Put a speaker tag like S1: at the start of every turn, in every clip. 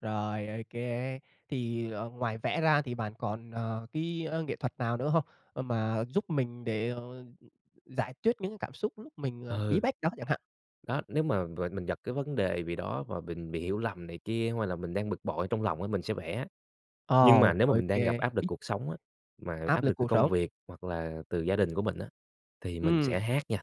S1: Rồi, OK, thì, ờ, ngoài vẽ ra thì bạn còn, à, cái, ơ, nghệ thuật nào nữa hông? Ờ, mà giúp mình để, ờ, ừm, giải tuyết những cảm xúc lúc mình, à, bí
S2: Ừ.
S1: bách đó chẳng hạn.
S2: Đó, nếu mà về mình gặp cái vấn đề bì đó và bình bị hiểu lầm này kia hay là mình đang bực bội trong lòng á mình sẽ vẽ. Nhưng mà
S1: Ờ,
S2: nếu mà mình
S1: OK.
S2: đang gặp áp lực cuộc sống á, mà
S1: Áp
S2: áp
S1: lực
S2: lực từ
S1: cuộc
S2: công
S1: sống.
S2: việc hoặc là từ gia đình của mình á, thì mình sẽ
S1: Ừm.
S2: hát nha.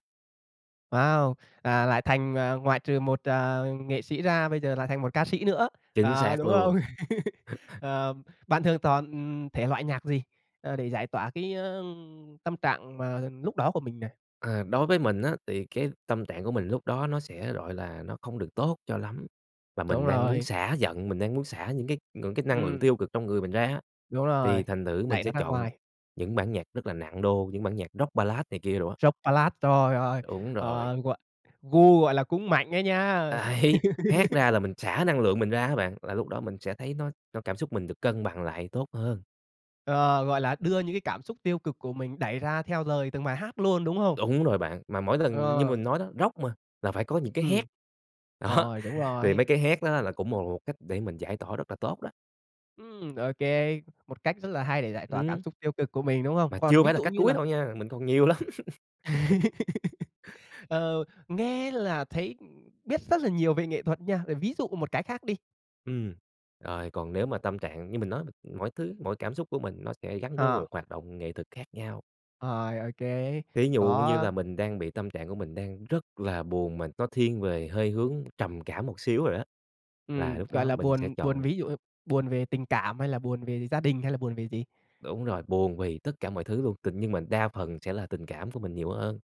S1: Wow! À, lại thành, à, ngoại trừ một, à, nghệ sĩ ra bây giờ lại thành một ca sĩ nữa,
S2: Chính
S1: à,
S2: xác
S1: đúng
S2: luôn.
S1: không? Ờ, bạn thường chọn, ừm, thể loại nhạc gì, ờ, để giải tỏa cái á, ưm, tâm trạng mà lúc đó của mình này?
S2: À, đối với mình á, thì cái tâm trạng của mình lúc đó nó sẽ, gọi là, nó không được tốt cho lắm và mình
S1: Đúng
S2: mang muốn
S1: rồi.
S2: xả giận, mình đang muốn xả những cái ngưỡng cái năng lượng
S1: Ừm.
S2: tiêu cực trong người mình ra á,
S1: Đúng
S2: thì
S1: rồi,
S2: thành thử mình
S1: đẩy
S2: sẽ
S1: nó ra
S2: chọn
S1: ngoài.
S2: những bản nhạc rất là nặng đô, những bản nhạc rock ballad này kia đồ á.
S1: Rock ballad, trời ơi!
S2: Đúng rồi.
S1: Ờ, gọi gu, gọi là, cũng mạnh ấy nha.
S2: Đấy, hát ra là mình xả năng lượng mình ra á bạn, là lúc đó mình sẽ thấy nó cho cảm xúc mình được cân bằng lại tốt hơn.
S1: Ờ, gọi là, đưa những cái cảm xúc tiêu cực của mình đẩy ra theo lời từng bài hát luôn, đúng không?
S2: Đủng rồi bạn, mà mỗi lần như
S1: Ờ.
S2: mình nói đó, rock mà là phải có những cái hét,
S1: Ừm.
S2: đó,
S1: Rồi, đúng
S2: thì
S1: rồi.
S2: mấy cái hét nó là cũng một một cách để mình giải tỏa rất là tốt đó.
S1: Ừm, OK, một cách rất là hay để giải tỏa cảm
S2: Ừm.
S1: xúc tiêu cực của mình, đúng
S2: Mà
S1: không? Còn
S2: chưa
S1: ví
S2: phải là
S1: dụ
S2: cách
S1: như
S2: cuối
S1: là
S2: đâu nha, mình còn nhiều lắm.
S1: Ờ, nghe là thấy, ừm, biết rất là nhiều về nghệ thuật nha, về ví dụ một cái khác đi.
S2: Ừm, rồi còn nếu mà tâm trạng như mình nói mà, mỗi thứ, mỗi cảm xúc của mình nó sẽ gắn với
S1: Ờ.
S2: một hoạt động nghệ thuật khác nhau.
S1: Rồi, OK,
S2: Thí dụ như là
S1: có
S2: mình đang bị tâm trạng của mình đang rất là buồn mà nó thiên về hơi hướng trầm cảm một xíu rồi đó, là
S1: Ừm,
S2: lúc
S1: gọi
S2: đó
S1: là,
S2: mình sẽ
S1: buồn buồn,
S2: chọn
S1: ví dụ như buồn về tình cảm hay là buồn về gi gia đình hay là buồn về gì?
S2: Đúng rồi, buồn vì tất cả mọi thứ luôn, tình nhưng mình đa phần sẽ là tình cảm của mình nhiều hơn,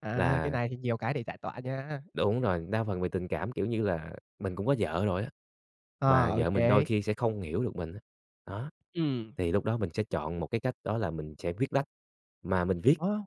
S1: À, cái
S2: là
S1: này thì nhiều cái để giải tỏa nha.
S2: Đúng rồi, đa phần về tình cảm, kiểu như là, mình cũng có vợ rồi á,
S1: Ờ,
S2: mà vợ mình đôi
S1: OK.
S2: khi sẽ không hiểu được mình á, đó,
S1: Ừm.
S2: thì lúc đó mình sẽ chọn một cái cách đó là mình sẽ viết lách mà mình viết
S1: Ơ.